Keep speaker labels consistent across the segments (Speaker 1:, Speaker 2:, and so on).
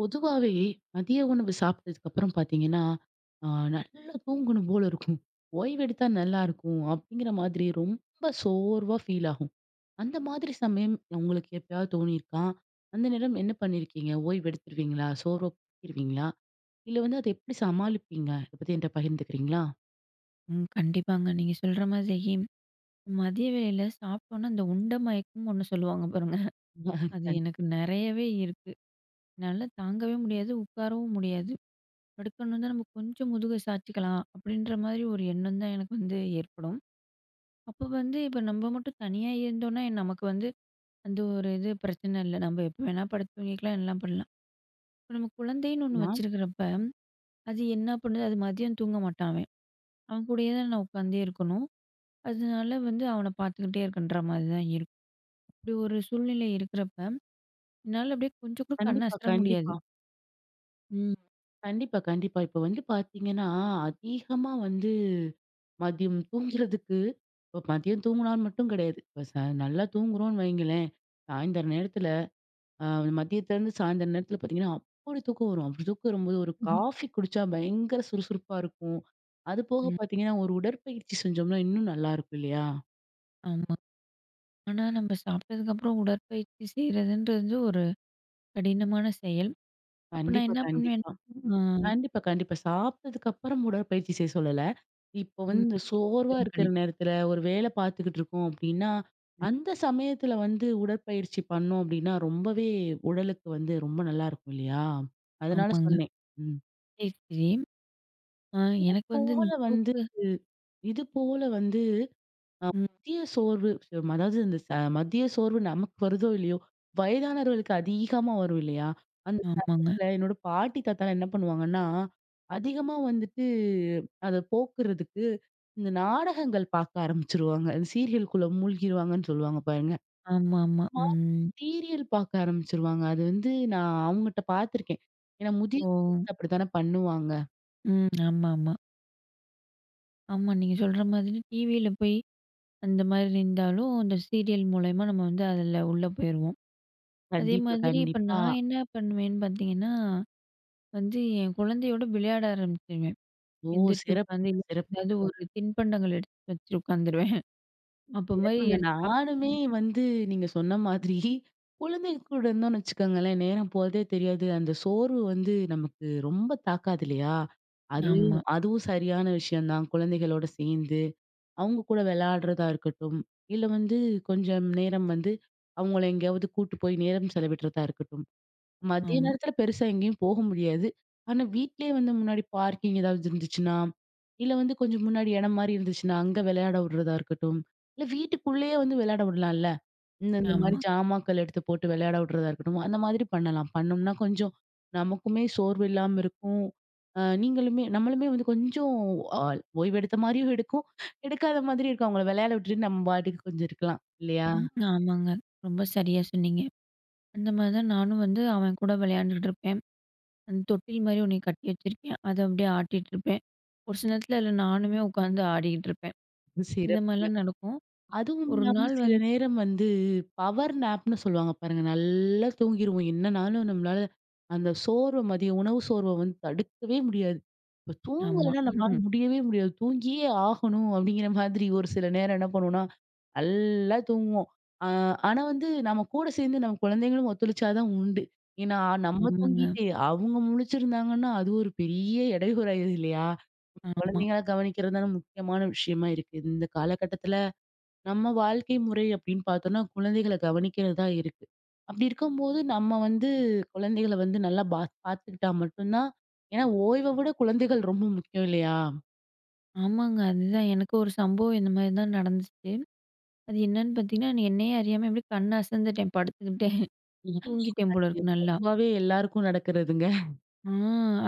Speaker 1: பொதுவாவே மதிய உணவு சாப்பிட்டதுக்கப்புறம் பார்த்தீங்கன்னா, அ நல்லா தூங்கணும் போல இருக்கும். ஓய்வு எடுத்தா நல்லாயிருக்கும், அப்பிடீங்கிற மாதிரி ரொம்ப சோர்வா ஃபீல் ஆகும். அந்த மாதிரி சமயம் உங்களுக்கு எப்பயாவது தோணிருக்கா? அந்த நேரம் என்ன பண்ணியிருக்கீங்க? ஓய்வு எடுத்துருவீங்களா? சோர்வா போக்கிருவீங்களா? இல்ல வந்து, அத எப்பிடி சமாளிப்பீங்க? அத பத்தி என்ட்ட பகிர்ந்துக்கிறீங்களா?
Speaker 2: ம். கண்டிப்பாங்க. நீங்க சொல்ற மாதிரி, மதிய வேள சாப்ட்டோன்னா, அந்த உண்ட மயக்கம் ஒண்ணு சொல்லுவாங்க பாருங்க அது
Speaker 1: கண்
Speaker 2: எனக்கு நிறையவே இருக்கு. என்னால தாங்கவே முடியாது. உட்காரவும் முடியாது. படுக்கணுன்னா, நம்ம கொஞ்சம் முதுக சாய்ச்சுக்கலாம். அப்பிடீன்ற மாரி ஒரு எண்ணம் தான் எனக்கு வந்து ஏற்படும். அப்போ வந்து இப்ப நம்ம மட்டும் தனியா இருந்தோன்னா, நமக்கு வந்து அந்த ஒரு இது பிரச்சன இல்ல. நம்ம எப்ப வேணா படுத்து தூங்கிக்கலாம். எல்லாம் பண்லாம். இப்ப, நம்ம குழந்தைன்னு ஒண்ணு
Speaker 1: நா
Speaker 2: வச்சிருக்கிறப்ப, அது என்ன பண்ணுது? அது மதியம் தூங்க மாட்டான், அவன். அவன் கூடயே தான், நான் உட்காந்தே இருக்கணும். அதனால வந்து அவன பார்த்துக்கிட்டே இருக்கேன்ற மாரிதான் இருக்கும். இப்பிடி ஒரு சூழ்நிலை இருக்கிறப்ப, என்னால அப்பிடியே கொஞ்சம் கூட கண்ணு
Speaker 1: கண்டிப்பா,
Speaker 2: அசற முடியாது.
Speaker 1: கண்டிப்பா.
Speaker 2: ம்.
Speaker 1: கண்டிப்பா. கண்டிப்பா. இப்ப வந்து பார்த்தீங்கன்னா, அதிகமா வந்து, மதியம் தூங்கிறதுக்கு இப்போ மதியம் தூங்கினா மட்டும் கிடையாது. இப்போ ச நல்லா தூங்குறோம்ன்னு வைங்களேன். சாயந்தர நேரத்துல, அ மதியத்துலேருந்து சாயந்திரம் நேரத்துல பார்த்தீங்கன்னா, அப்பிடி தூக்கம் வரும். அப்பிடி தூக்கம் வரும்போது, ஒரு காஃபி குடிச்சா, பயங்கர சுறுசுறுப்பா இருக்கும். அது போக
Speaker 2: ம்.
Speaker 1: பார்த்தீங்கன்னா, ஒரு உடற்பயிற்சி செஞ்சோம்னா, இன்னும் நல்லாயிருக்கும். இல்லையா!
Speaker 2: ஆமா. ஆனா, நம்ப சாப்பிட்டதுக்கப்புறம் உடற்பயிற்சி செய்கிறதுன்றது, ஒரு கடினமான செயல். அப்ப நான்
Speaker 1: கண்டிப்பா,
Speaker 2: என்ன பண்ணுவேன்
Speaker 1: கண்டிப்பா.
Speaker 2: ஆமா.
Speaker 1: கண்டிப்பா, கண்டிப்பா, சாப்பிட்டதுக்கப்புறம் உடற்பயிற்சி செய்ய சொல்லல. இப்ப
Speaker 2: [unintelligible] ம்
Speaker 1: வந்து சோர்வா
Speaker 2: மிகவும்
Speaker 1: இருக்கற
Speaker 2: கடின
Speaker 1: நேரத்துல ஒரு வேல பார்த்துக்கிட்டிருக்கோம். அப்பிடீன்னா, அந்த சமயத்துல வந்து, உடற்பயிற்சி பண்ணோம். அப்பிடீன்னா ரொம்பவே உடலுக்கு வந்து ரொம்ப நல்லாயிருக்கும், இல்லையா! அதனால
Speaker 2: ஆமாங்க.
Speaker 1: சொன்னேன். ம்.
Speaker 2: சரி, சரி. அ
Speaker 1: இது
Speaker 2: எனக்கு வந்து
Speaker 1: போல
Speaker 2: இந்த தூக்க
Speaker 1: வந்துட்டு இது போல வந்து, அ
Speaker 2: ம்.
Speaker 1: மதிய சோர்வு ம அதாவது இந்த மதிய சோர்வு நமக்கு வருதோ, இல்லையோ, வயதானவர்களுக்கு அதிகமா வரும், இல்லையா! அந்த
Speaker 2: ஆமாங்க
Speaker 1: சமயத்துல, என்னோட பாட்டி, தாத்தாலாம் என்ன பண்ணுவாங்கன்னா? அதிகமா வந்துட்டு, அத போக்குறதுக்கு இந்த நாடகங்கள் பார்க்க ஆரம்பிச்சுருவாங்க. அந்த சீரியலுக்குள்ள மூழ்கிடுவாங்கன்னு சொல்லுவாங்க, பாருங்க.
Speaker 2: ஆமா, ஆமா.
Speaker 1: [unintelligible] மாரி
Speaker 2: ம்.
Speaker 1: சீரியல் பார்க்க ஆரம்பிச்சிருவாங்க. அது வந்து நான் அவுங்கட்ட பார்த்துருக்கேன். ஏன்னா,
Speaker 2: ஓ!
Speaker 1: முதியவங்க அப்படித்தானே பண்ணுவாங்க.
Speaker 2: ம். ஆமாமா. ஆமா, நீங்க சொல்ற மாதிரி டிவில போயி, அந்த மாதிரி இருந்தாலும், அந்த சீரியல் மூலியமா நம்ம வந்து அதுல உள்ள போயிருவோம்.
Speaker 1: கண்டிப்பா,
Speaker 2: அதேமாதிரி இப்ப
Speaker 1: கண்டிப்பா.
Speaker 2: நான் என்ன பண்ணுவேன்னு பாத்தீங்கன்னா, வந்து என் குழந்தையோடு விளையாட ஆரம்பிச்சுருவேன்.
Speaker 1: ஓ
Speaker 2: எந்திரிச்சு உக்காந்து,
Speaker 1: சிறப்புங்க,
Speaker 2: ஏதாவது
Speaker 1: சிறப்புங்க.
Speaker 2: ஒரு தின்பண்டங்கள எடுத்து வச்சு உட்காந்துடுவேன். அப்ப மாரி
Speaker 1: சிறப்புங்க,
Speaker 2: எடுத்து சாப்ட்டு
Speaker 1: நானுமே
Speaker 2: [unintelligible]
Speaker 1: வந்து நீங்க சொன்ன மாதிரி, குழந்தைங்க கூட இருந்தோம்னு வச்சுக்கோங்களேன், நேரம் போறதே தெரியாது, அந்த சோர்வு வந்து நமக்கு ரொம்ப தாக்காது இல்லையா? அது
Speaker 2: ஆமா.
Speaker 1: அதுவும் சரியான விஷயம் தான் குழந்தைகளோடு சேந்து, அவுங்க கூட விளையாடுறதா இருக்கட்டும் இல்ல வந்து, கொஞ்சம் நேரம் வந்து அவங்கள எங்கயாவது கூட்டு போய் நேரம் செலவிட்றதா இருக்கட்டும், மதிய
Speaker 2: ஆமா.
Speaker 1: நேரத்துல பெருசா எங்கயும் போக முடியாது. ஆனா வீட்லயே வந்து முன்னாடி பார்க்கிங் ஏதாவது இருந்துச்சுன்னா, இல்ல வந்து கொஞ்சம் முன்னாடி இடம் மாரி இருந்துச்சுன்னா, அங்க விளையாட விடுறதா இருக்கட்டும், இல்ல வீட்டுக்குள்ளயே வந்து விளையாடவுடலாம்ல, இந்த இந்த மாரி
Speaker 2: ஆமா.
Speaker 1: சாமான்கள் எடுத்து போட்டு விளையாடவுறதா இருக்கட்டும், அந்த மாதிரி பண்ணலாம். பண்ணோம்னா கொஞ்சம் நமக்குமே சோர்வு இல்லாம இருக்கும். அ நீங்களுமே நம்மளுமே வந்து கொஞ்சம் ஆ ஓய்வு எடுத்த மாதிரியும் இருக்கும், எடுக்காத மாதிரியும் இருக்கும். அவங்கள விளையாட விட்டுட்டு நம்ம பாட்டுக்கு கொஞ்சம் இருக்கலாம் இல்லையா?
Speaker 2: ம், ஆமாங்க ரொம்ப சரியா சொன்னீங்க, அந்த மாரிதான் நானும் வந்து, அவன் கூட விளையாண்டுட்டு இருப்பேன். அந்த தொட்டில் மாரி 1 கட்டி வச்சிருக்கேன். அத அப்டியே ஆட்டிட்ருப்பேன். ஒரு சில நேரத்துல அதுல நானுமே உட்காந்து ஆடிட்டிருப்பேன். இந்த
Speaker 1: சிறப்புங்க.
Speaker 2: மாரிலாம் நடக்கும்.
Speaker 1: அதுவும்
Speaker 2: ஒரு
Speaker 1: இல்லாம
Speaker 2: நாள்
Speaker 1: சில
Speaker 2: வந்து
Speaker 1: நேரம் வந்து, பவர் நேப்னு சொல்லுவாங்க பாருங்க, நல்லா தூங்கிருவோம் என்னனாலும் நம்மளால அந்த சோர்வ, மதியம் உணவு சோர்வ வந்து தடுக்கவே முடியாது. இப்போ
Speaker 2: ஆமா.
Speaker 1: தூங்கலனா நம்ளால முடியவே முடியாது. தூங்கியே ஆகணும் அப்டிங்ற மாதிரி ஒரு சில நேரம் என்ன பண்ணுவோனா, நல்லா தூங்குவோம், அ ஆனா வந்து நம்ம கூட சேந்து, நம்ம குழந்தைங்களும் ஒத்துழைச்சா தான் உண்டு. ஏன்னா, நம்ம
Speaker 2: ஆமாங்க.
Speaker 1: தூங்கிட்டு அவங்க முழிச்சிருந்தாங்கன்னா, அது ஒரு பெரிய இடையூறாயிருது இல்லையா?
Speaker 2: ஆமா.
Speaker 1: குழந்தைங்கள கவனிக்கிறது தான் முக்கியமான விஷயமா இருக்குது. இந்த காலகட்டத்துல நம்ம வாழ்க்கை முறை அப்டின்னு பாத்தோனா, குழந்தைகள கவனிக்கிறது தான் இருக்கு. அப்டி இருக்கும்போது நம்ம வந்து குழந்தைகள வந்து நல்லா பா பாத்துக்கிட்டா மட்டுந்தான் ஏன்னா ஓய்வ விட குழந்தைகள் ரொம்ப முக்கியம் இல்லையா?
Speaker 2: ஆமாங்க. அதுதான் எனக்கும் ஒரு சம்பவம் இந்தமாரி தான் நடந்துச்சு. அது என்னான்னு பாத்தீங்கன்னா, நி என்னையே அறியாம இப்பிடி கண் அசந்துட்டேன், படுத்துக்கிட்டேன், தூங்கிட்டேன் போல
Speaker 1: [unintelligible]
Speaker 2: இருக்கு. நல்லா!
Speaker 1: பொதுவாவே எல்லாருக்கும் நடக்கிறதுங்க.
Speaker 2: ஆ,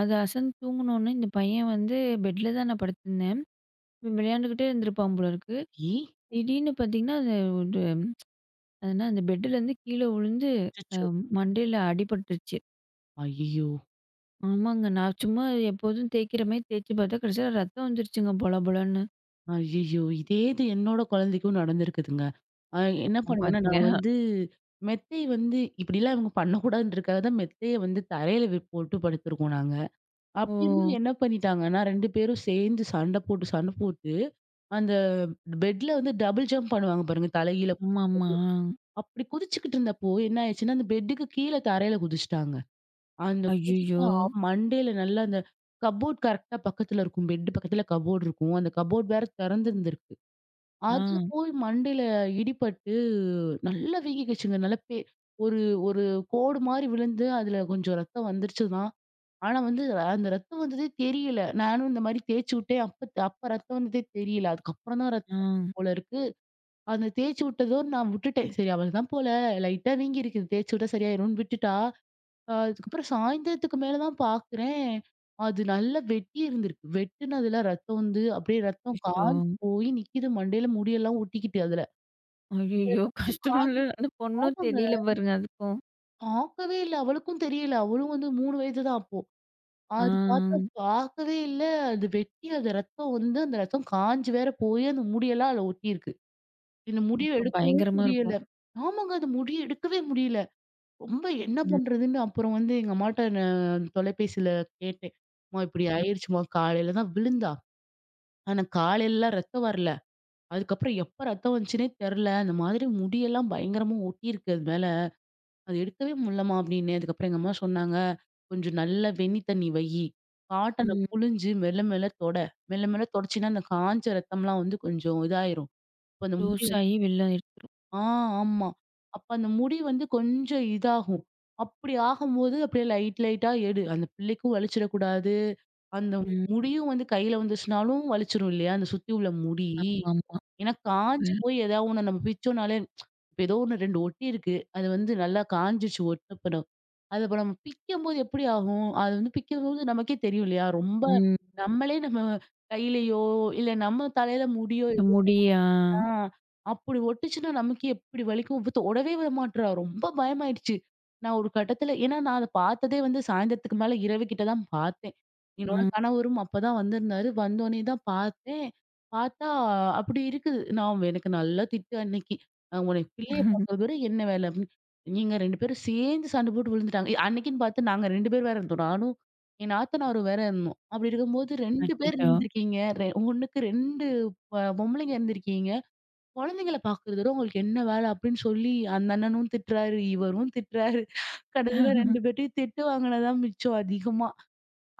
Speaker 2: அது அசந்து தூங்குனவுனே இந்த பையன் வந்து பெட்ல தான் நான் படுத்துருந்தேன். இவென் விளையாண்டுகிட்டே இருந்திருப்பான் போலருக்கு!
Speaker 1: சரி.
Speaker 2: திடீர்னு பாத்தீங்கன்னா, அந்த வுடு அது என்னா அந்த பெட்டுலருந்து கீழே உழுந்து அ
Speaker 1: அச்சச்சோ!
Speaker 2: மண்டையில அடிபட்டுருச்சு.
Speaker 1: ஐய்யயோ!
Speaker 2: ஆமாங்க. நான் சும்மா எப்போதும் தேய்க்கிறமாரி தேச்சுப் பாத்தா, கடைசில ரத்தம் வந்துருச்சுங்க. பொல பொலன்னு.
Speaker 1: ஐயய்யோ! இதே இது என்னோட கொழந்தைக்கும் நடந்திருக்குதுங்க. ஆ என்ன பண்ணுவேன்னா, நான்
Speaker 2: [unintelligible]
Speaker 1: வந்து மெத்தை வந்து இப்பிடிலாம் இவுங்க பண்ணக்கூடாதுன்றதுக்காக தான், மெத்தையை வந்து தரையில வி போட்டு படுத்துருக்கோம் நாங்க. அப்பிடியிருந்தும்
Speaker 2: ஓ!
Speaker 1: என்ன பண்ணீட்டாங்கன்னா, 2 பேரும் சேந்து சண்ட போட்டு சண்ட போட்டு, அந்த பெட்ல வந்து டபுள் ஜம்ப் பண்ணுவாங்க பாருங்க தலை கீழ குதிக்கிறது.
Speaker 2: ஆமாமா. ஆ.
Speaker 1: அப்பிடி குதிச்சுக்கிட்டு இருந்தப்போ, என்னாயிருச்சுன்னா, அந்த பெட்டுக்கு கீழே தரையில குதிச்சிட்டாங்க. அந்த
Speaker 2: ஐய்யயோ!
Speaker 1: குதிச்சா மண்டையில நல்லா அந்த கப்போர்ட் கரெக்ட்டா பக்கத்தில இருக்கும். பெட்டு பக்கத்தில கபோர்ட் இருக்கும். அந்த கபோர்ட் வேற தெறந்திருந்திருக்கு. அதில
Speaker 2: ஆ.
Speaker 1: போய் மண்டையில இடிபட்டு நல்லா வீங்கிகிச்சுங்க. நல்லா பெ ஒரு-ஒரு கோடுமாரி விழுந்து, அதில கொஞ்சம் ரத்தம் வந்துருச்சு தான். ஆனா, வந்து, அந்த ரத்தம் வந்ததே தெரியல. நானும் இந்தமாரி தேச்சு உட்டேன். அப்பத் அப்ப ரத்தம் வந்ததே தெரியல. அதுக்கப்புறந்தான் ரத்தம்
Speaker 2: ஆ.
Speaker 1: வந்திருக்கும் போல இருக்கு. அந்த தேச்சு உட்டதோட நான் விட்டுட்டேன். சரி அவளதான் போல. லைட்டா வீங்கியிருக்குது. தேச்சு விட்டா சரியாயிருன்னு விட்டுட்டா, அ அதுக்கப்பறம் சாயந்தரத்துக்கு மேல தான் பாக்குறேன். அது நல்லா வெட்டி இருந்திருக்கு. வெட்டுனதில ரத்தம் வந்து, அப்பிடியே ரத்தம் காஞ்சு
Speaker 2: அச்சச்சோ!
Speaker 1: போயி நிக்கிது மண்டையில முடியெல்லாம் ஒட்டிக்கிட்டு அதுல. சரி
Speaker 2: ஐயய்யோ!
Speaker 1: ரத்தம்
Speaker 2: கஷ்டமால்ல?
Speaker 1: காஞ்சி
Speaker 2: அந்த பொண்ணும்
Speaker 1: ஆமங்க!
Speaker 2: தெரியல பாருங்க. அதுக்கும்!
Speaker 1: பாக்கவே இல்ல. அவளுக்கும் தெரியல. அவளும் வந்து 3 வயது தான் அப்போ. அது பாத்தா
Speaker 2: ஆ.
Speaker 1: பாக்கவே இல்ல. அது வெட்டி அது ரத்தம் வந்து, அந்த ரத்தம் காஞ்சு வேற போயி, அந்த முடியெல்லாம் அதுல ஒட்டிருக்கு. இந்த முடிய
Speaker 2: அப்ப
Speaker 1: எடுக்கவும்
Speaker 2: பயங்கரமா
Speaker 1: முடியல.
Speaker 2: இருக்கும்.
Speaker 1: ஆமாங்க. அந்த முடிய எடுக்கவே முடியல. ரொம்ப என்ன
Speaker 2: ம்.
Speaker 1: பண்றதுன்னு அப்புறம் வந்து எங்க அம்மாட்ட நான் தொலைபேசில கேட்டேன். "அம்மா இப்பிடி
Speaker 2: ம்.
Speaker 1: ஆயிடுச்சுமா! காலையில தான் விழுந்தா! ஆனா, காலைலலாம் ரத்தம் வரல. அதுக்கப்புறம் எப்ப ரத்தம் வந்துச்சுன்னே தெரில. இந்த மாதிரி முடியெல்லாம் பயங்கரமா ஒட்டியிருக்கு அது மேல. அத எடுக்கவே முட்லம்மா" அப்பிடின்னேன். அதுக்கப்பறம் எங்க அம்மா சொன்னாங்க, "கொஞ்சம் நல்லா வெண்ணி தண்ணீ வையு. காட்டன
Speaker 2: ம்.
Speaker 1: புழிஞ்சு மெல்ல மெல்ல தொட. மெல்ல மெல்ல தொடச்சின்னா, அந்த காஞ்ச ரத்தம்லாம் வந்து கொஞ்சம் இதாயிரும். கொஞ்சம் முடி" [unintelligible]
Speaker 2: லூசாயி வெளில ஆயிருக்கு.
Speaker 1: ஆ, ஆமா. அப்ப அந்த முடி வந் து கொஞ்சம் இதாகும். அப்பிடி ஆகும்போது, அப்டியே லைட் லைட்டா எடு. அந்த பிள்ளைக்கும் வலிச்சிறக்கூடாது. அந்த
Speaker 2: ம்.
Speaker 1: முடியும் வந்து கையில வந்துச்சுனாலும், வலிச்சிரும் இல்லயா! அந்த சுத்தி உள்ள முடி.
Speaker 2: ஆமாமா.
Speaker 1: ஏன்னா, காஞ்சு
Speaker 2: ம்.
Speaker 1: போய் ஏதாவது ஒண்ண நம்ம பிச்சோன்னாலே, இப்ப ஏதோ 1 2 ஒட்டி இருக்கு. அது வந்து நல்லா காஞ்சுச்சு ஒட்டனப்பறம். அது இப்ப நம்ம பிக்கம்போது, எப்பிடி ஆகும்? அது வந்து பிக்கும்போது நமக்கே தெரியும் இல்லயா! ரொம்ப
Speaker 2: ம்.
Speaker 1: நம்மளே நம்ம கையிலயோ, இல்ல நம்ம தலையில முடியோ,
Speaker 2: இந்த
Speaker 1: ஏதோ
Speaker 2: முடியா!
Speaker 1: ஆ அப்புடி ஒட்டுச்சுன்னா நமக்கே எப்பிடி வலிக்கும்! இவ தொடவே விட மாட்றா! ரொம்ப பயமாயிடுச்சு. நான் ஒரு கட்டத்தில ஏன்னா நான் அத பாத்ததே வந்து, சாயந்தரத்துக்கு மேல இரவு கிட்டதான் பாத்தேன். என்னோட
Speaker 2: ஆ.
Speaker 1: கணவரும் அப்ப தான் வந்திருந்தாரு. வந்தோனே தான் பாத்தேன். பாத்தா அப்பிடி இருக்குது. நான் வ் எனக்கு நல்லா திட்டு அன்னக்கி. நான் உன்னைய பிள்ளைய பாக்கிறதோட என்ன வேல? அப்பிட்ன்னு நீங்க 2 பேரும் சேர்ந்து சண்ட போட்டு விழுந்துட்டாங்க. அன்னக்கின்னு பாத்து நாங்க 2 பேரும் வேற இருந்தோம். நானும் என் நாத்தனாரும் வேற இருந்தோம். அப்பிடி இருக்கும்போது, "2 பேர்
Speaker 2: அச்சச்சோ!
Speaker 1: இருந்துருக்கீங்க! ரெ 1க்கு 2 பா பொம்பளைங்க இருந்துருக்கீங்க! கொழந்தைங்கள பாக்குறத விட உங்களுக்கு என்ன வேல?" அப்டின்னு சொல்லி, அந்த அண்ணனும் திட்றாரு. இவரும் திட்டுறாரு. கடைசில 2 பேர்டயும் திட்டு வாங்கினது தான் மிச்சம் அதிகமா.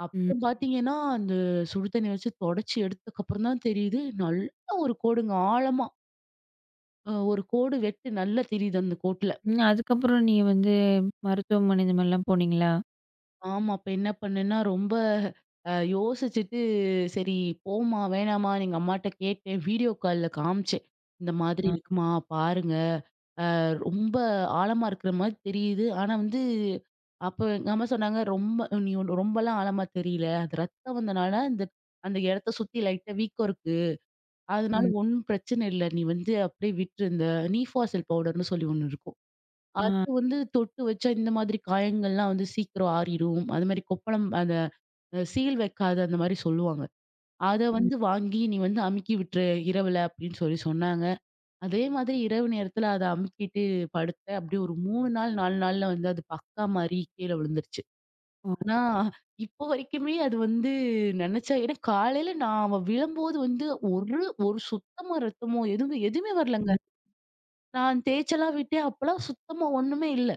Speaker 1: அப்புறம்
Speaker 2: ம்.
Speaker 1: பாத்தீங்கன்னா, அந்த சுடு தண்ணீ வச்சு தொடச்சி எடுத்ததுக்கப்புறம் தான் தெரியுது. நல்ல ஒரு கோடுங்க ஆழமா அ ஒரு கோடு வச்சு நல்லா தெரியுது அந்த கோட்டுல.
Speaker 2: ம். அதுக்கப்புறம் நீங்க வந்து மருத்துவமனை இந்த மாரிலாம் போனீங்களா?
Speaker 1: ஆமா. அப்ப என்ன பண்ணேன்னா, ரொம்ப அ யோசிச்சுட்டு சரி போமா! வேணாமான்னு எங்க அம்மாகிட்ட கேட்டேன். வீடியோ கால்ல காமிச்சேன். இந்த மாதிரி
Speaker 2: ஆ.
Speaker 1: இருக்குமா! பாருங்க. அ ரொம்ப ஆழமா இருக்குறமாரி தெரியுது, ஆனா வந்து அப்ப எங்க அம்மா சொன்னாங்க ரொம்ப நீ ரொம்பலாம் ஆழமா தெரியல. அது ரத்தம் வந்தனால, இந்த அந்த இடத்த சுத்தி லைட்டா வீக்கம் இருக்கு. அதனால
Speaker 2: ம்.
Speaker 1: ஒன்னும் பிரச்சன இல்ல. நீ வந்து அப்பிடியே விட்ரு. இந்த நீஃபாசல் பவுடர் னு சொல்லி ஒன்னு இருக்கும்.
Speaker 2: ஆ, அ.
Speaker 1: அது வந்து தொட்டு வச்சா இந்த மாதிரி காயங்கள்லாம் வந்து சீக்கிர ஆறிரும். அதுமாரி கொப்பளம் அந்த அ சீல் வைக்காத அந்தமாரி சொல்லுவாங்க. அத
Speaker 2: ம்.
Speaker 1: வந்து வாங்கி நீ வந்து அமுக்கி விட்ரு. இரவுல அப்பிடின்னு சொல்லி சொன்னாங்க. அதே மாதிரி இரவு நேரத்துல அதை அமுக்கிட்டு, படுத்தேன். அப்பிடியே ஒரு 3 நாள் 4 நாள்ல வந்து அது பக்கா மாரி கீழே விழுந்துருச்சு.
Speaker 2: ஓ!
Speaker 1: ஆனா, இப்போ வரைக்குமே அது வந்து நினைச்சா ஏன்னா காலையில நான் அவ விழும்போது வந்து ஒரு, ஒரு சுத்தமா ரத்தமோ! எதுவுமே எதுவுமே வரலங்க
Speaker 2: ம்.
Speaker 1: நான் தேய்ச்செல்லாம் விட்டேன் அப்பலாம் சுத்தமா ஒன்னுமே இல்ல.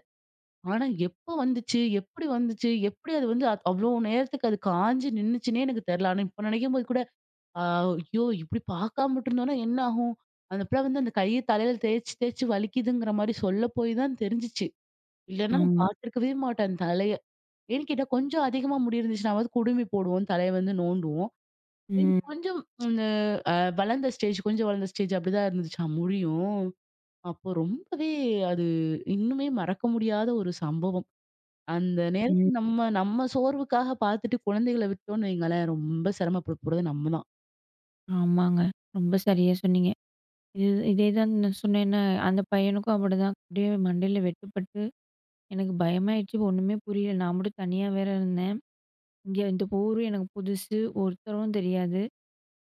Speaker 1: ஆனா, எப்போ வந்துச்சு? எப்பிடி வந்துச்சு, எப்பிடி அது வந்து அவ்ளோ நேரத்துக்கு அது காஞ்சு நின்னுச்சுன்னே எனக்கு தெரியல. ஆனா இப்ப நினைக்கும்போது கூட அ ஐயோ! இப்பிடி பார்க்காம விட்டுருந்தோன்னா என்ன ஆகும் அந்த பிள்ளை வந்து அந்த கைய தலையில தேய்ச்சு, தேய்ச்சு வலிக்குதுங்குற மாரி சொல்ல போய் தான் தெரிஞ்சுச்சு. இல்லன்னா நான்
Speaker 2: ஆமா.
Speaker 1: பார்த்துருக்கவே மாட்டேன் தலைய. ஏன் கேட்டா கொஞ்சம் அதிகமா முடி இருந்துச்சுனாவது குடுமி போடுவோம், தலைய வந்து நோண்டுவோம். இது
Speaker 2: ம்.
Speaker 1: கொஞ்சம் இந்த அ வளர்ந்த ஸ்டேஜ் கொஞ்சம் வளர்ந்த ஸ்டேஜ் அப்பிடிதான் இருந்துச்சா முடியும்! அப்ப ரொம்பவே அது இன்னுமே மறக்க முடியாத ஒரு சம்பவம் அந்த
Speaker 2: ம்.
Speaker 1: நேரத்தில் நம்ம, நம்ம சோர்வுக்காக பார்த்துட்டு குழந்தைகள விட்டோன்னு வைங்களேன்! ரொம்ப சிரமப்பட போறது நம்ம தான்.
Speaker 2: ஆமாங்க, ரொம்ப சரியா சொன்னீங்க. இது இதேதான் நான் சொன்னேன்ல, அந்த பையனுக்கும் அப்படிதான். அப்படியே மண்டையில வெட்டுப்பட்டு எனக்கு பயமாயிருச்சு ஒண்ணுமே புரியல, நான் மட்டும் தனியா வேற இருந்தேன். இங்கே இந்த ஊரு எனக்கு புதுசு, ஒருத்தரும் தெரியாது,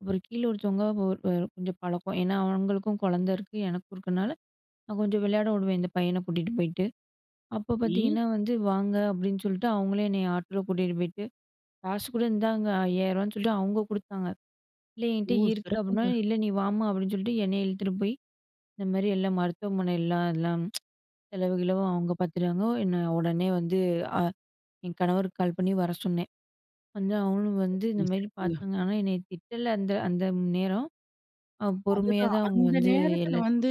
Speaker 2: அப்புறம் கீழே ஒருத்தவங்க ஓ அ கொஞ்சம் பழக்கம். ஏன்னா, அவங்களுக்கும் கொழந்தை இருக்கு, எனக்கும் இருக்கனால, நான் கொஞ்சம் விளையாடவுடுவேன். இந்த பையனை கூட்டிட்டு போயிட்டு, அப்போ
Speaker 1: ம்.
Speaker 2: பார்த்தீங்கன்னா வந்து, "வாங்க" அப்படின்னு சொல்லிட்டு, அவங்களே என்னைய ஆட்டோல கூட்டிட்டுபோயிட்டு, "காசு கூட இந்தங்கா, ரூ. 5000ன்னு "சொல்லிட்டு அவுங்க குடுத்தாங்க, 'இல்லை என்கிட்ட
Speaker 1: ஓ!
Speaker 2: இருக்கு," அப்படினா
Speaker 1: கரெக்ட்டுங்க.
Speaker 2: "இல்லை நீ வாம்மா," அப்படின்னு சொல்லிட்டு என்னை இழுத்துட்டு போய் இந்த மாதிரி எல்லா மருத்துவமனைலாம் எல்லாம் செலவு, கிளவு, அவங்க பார்த்துட்டாங்க. என்னை உடனே வந்து, அ என் கணவருக்கு கால் பண்ணி வர சொன்னேன். வந்து அவங்களும் வந்து இந்த
Speaker 1: [unintelligible]
Speaker 2: மாதிரி
Speaker 1: சிறப்புங்க.
Speaker 2: பார்த்தாங்க. ஆனா என்னைய திட்டல அந்த அந்த நேரம் அ பொறுமையா
Speaker 1: அதுதான்
Speaker 2: தான் அவங்க
Speaker 1: அந்த
Speaker 2: வந்து
Speaker 1: நேரத்தில
Speaker 2: எல்லாத்
Speaker 1: வந்து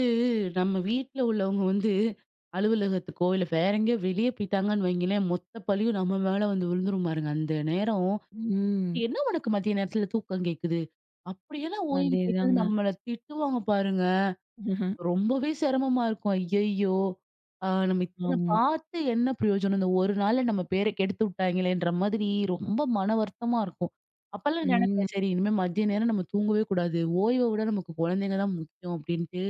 Speaker 1: நம்ம வீட்ல உள்ளவங்க வந்து அலுவலகத்துக்கோ இல்ல, வேற எங்கேயோ வெளிய போய்ட்டாங்கன்னு வைங்களேன், மொத்த பழியும் நம்ம மேல வந்து விழுந்துரும் பாருங்க, அந்த நேரம்
Speaker 2: ம்.
Speaker 1: "என்ன உனக்கு மதிய நேரத்தில தூக்கம் கேட்குது? அப்படியென்ன ஓய்வு கேட்குது?"
Speaker 2: அதேதாங்க.
Speaker 1: நம்மள திட்டுவாங்க பாருங்க. ரொம்பவே சிரமமா இருக்கும். "ஐயய்யோ, அ நம்ம இத்தனை
Speaker 2: ஆமா.
Speaker 1: பார்த்து என்ன பிரயோஜனம்? இந்த ஒரு நாள்ல நம்ம பேரை கெடுத்து விட்டாங்கெளே!"ன்ற மாதிரி ரொம்ப மனவருத்தமா இருக்கும். அப்போலாம்
Speaker 2: ம்.
Speaker 1: நினைப்பேன். "சரி, இனிமேல் மதிய நேரம் நம்ம தூங்கவே கூடாது. ஓய்வவுட, நமக்கு கொழந்தைங்க தான் முக்கியம்." அப்படின்ட்டு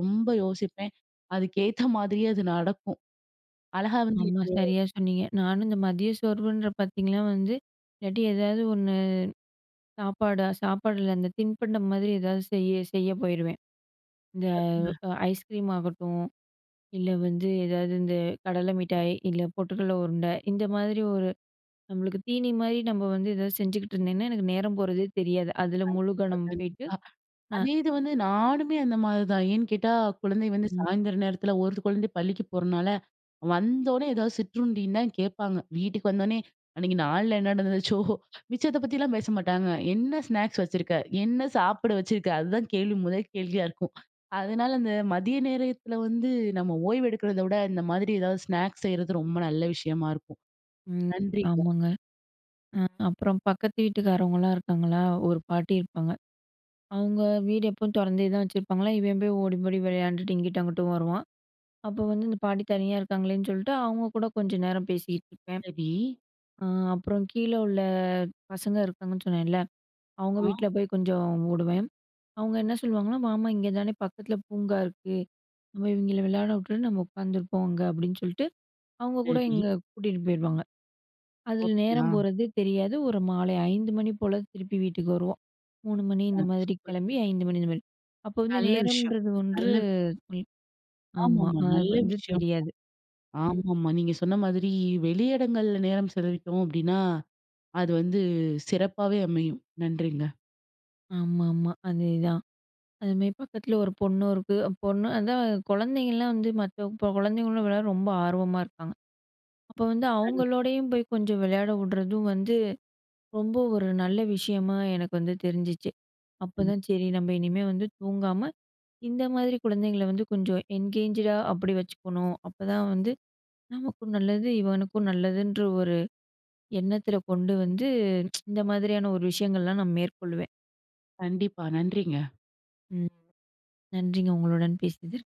Speaker 1: ரொம்ப யோசிப்பேன். அதுக்கேத்த மாதிரியே அது நடக்கும். அழகா வந்து
Speaker 2: ஆமா,
Speaker 1: [unintelligible]
Speaker 2: சரியா சொன்னீங்க. நானும் இந்த மதிய சோர்வுன்ற பார்த்தீங்கனா வந்து இல்லாட்டி ஏதாவது ஒண்ணு சாப்பாடா சாப்பாடுல அந்த தின்பண்டம் மாதிரி ஏதாவது செய்ய, செய்ய போயிருவேன். இந்த
Speaker 1: கரெக்ட்டுங்க.
Speaker 2: அ ஐஸ்கிரீம் ஆகட்டும், இல்ல வந்து ஏதாவது இந்த கடலை மிட்டாய், இல்ல பொட்டுக்கடலை உருண்டை இந்த மாதிரி ஒரு நம்மளுக்கு தீனி மாதிரி நம்ம வந்து எதாவது செஞ்சுகிட்டு இருந்தேனா, எனக்கு நேரம் போறதே தெரியாது அதில
Speaker 1: கண்டிப்பா,
Speaker 2: முழுகவனம் போயிட்டு
Speaker 1: கண்டிப்பா.
Speaker 2: அ
Speaker 1: அதே இது வந்து, நானுமே அந்த மாதிரி தான் ஏன்னு கேட்டா குழந்தை வந்து
Speaker 2: ம்.
Speaker 1: சாயந்திரம் நேரத்தில ஒரு குழந்தை பள்ளிக்கு போறனால, வந்தோன்னே ஏதாவது சிற்றுண்டி தான் கேட்பாங்க. வீட்டுக்கு வந்தோன்னே அன்னைக்கு நாள்ல என்ன நடந்துச்சோ மிச்சத்தை பத்திலாம் பேச மாட்டாங்க, "என்ன ஸ்நாக்ஸ் வச்சிருக்க? என்ன சாப்பிட வச்சுருக்க? அதுதான் கேள்வி, முதல் கேள்வியாக இருக்கும். அதனால அந்த மதிய நேரத்தில வந்து நம்ம ஓய்வு எடுக்கிறத விட, இந்த மாதிரி எதாவது ஸ்நாக்ஸ் செய்றது ரொம்ப நல்ல விஷயமா இருக்கும்.
Speaker 2: ம்.
Speaker 1: நன்றிங்க.
Speaker 2: ஆமாங்க, அ அப்புறம் பக்கத்து வீட்டுக்காரவங்கலாம் இருக்காங்களா, ஒரு பாட்டி இருப்பாங்க. அவங்க வீடு எப்போவும் தொறந்தே தான் வச்சிருப்பாங்களா! இவன் போய் ஓடி, ஓடி விளையாண்டுட்டு இங்கிட்டும், அங்கிட்டும் வருவான். அப்போ வந்து "இந்த பாட்டி தனியா இருக்காங்களேன்னு சொல்ட்டு அவங்க கூட கொஞ்ச நேரம் பேசிட்டு இருப்பேன்.
Speaker 1: சரி.
Speaker 2: அ அப்புறம் கீழ உள்ள அ பசங்க இருக்காங்க"ன்னு சொன்னேன்ல, அவங்க
Speaker 1: அ.
Speaker 2: வீட்ல போய் கொஞ்சம் ஓடுவேன். அவங்க என்ன சொல்லுவாங்கன்னா "வாமா இங்கே தானே பக்கத்தில பூங்கா இருக்கு. நம்ம இவங்கெளை விளையாடவுட்டு, நம்ம உட்காந்துருப்போம் அங்க." அப்படின்னு சொல்ட்டு, அவங்க கூட இங்க
Speaker 1: சரி.
Speaker 2: கூட்டிட்டு போயிருவாங்க. அதுல
Speaker 1: அப்படியா?
Speaker 2: நேரம் போறதே தெரியாது. ஒரு மாலை 5 மணி போல திருப்பி வீட்டுக்கு வருவோம்.3 மணி
Speaker 1: அ
Speaker 2: இந்த மாதிரி
Speaker 1: சூப்பர்.
Speaker 2: கிளம்பி 5 மணி இந்த மாதிரி. அப்போ வந்து
Speaker 1: நல்ல விஷயம்,
Speaker 2: நேரம்ன்றது ஒன்று
Speaker 1: நல்ல
Speaker 2: ஆமா,
Speaker 1: ஆமாம்மா,
Speaker 2: அது
Speaker 1: நல்ல
Speaker 2: வந்து
Speaker 1: விஷயம்,
Speaker 2: தெரியாது. ம்.
Speaker 1: ஆமாம்மா, நீங்க சொன்ன மாதிரி வெளியிடங்கள்ல நேரம் செலவிட்டோம் அப்படின்னா, அது வந்து சிறப்பாவே அமையும். நன்றிங்க.
Speaker 2: ஆமாமா, அதேதான், அது மாதிரி பக்கத்தில ஒரு பொண்ணும் இருக்கு, பொண்ணு அதான் கொழந்தைங்கலாம் வந்து மற்ற கொழந்தைங்களோட விளையாட ரொம்ப ஆர்வமா இருக்காங்க. அப்போ வந்து
Speaker 1: [unintelligible]
Speaker 2: அவங்களோடையும் போய் கொஞ்சம் விளையாடவுடுறதும் வந்து ரொம்ப ஒரு நல்ல விஷயமா எனக்கு வந்து தெரிஞ்சுச்சு.
Speaker 1: ம்.
Speaker 2: அப்போதான் "சரி நம்ம இனிமேல் வந்து தூங்காம, இந்த மாதிரி கொழந்தைங்களை வந்து கொஞ்சம் என்கேஜ்டா அப்படி வச்சுக்கணும், அப்போதான் வந்து நமக்கும் நல்லது, இவனுக்கும் நல்லது"ன்ற ஒரு எண்ணத்தில கொண்டு வந்து, இந்த மாதிரியான ஒரு விஷயங்கள்லாம் நான் மேற்கொள்வேன்.
Speaker 1: கண்டிப்பா, நன்றிங்க.
Speaker 2: ம், நன்றிங்க. உங்களுடன் பேசியதில்.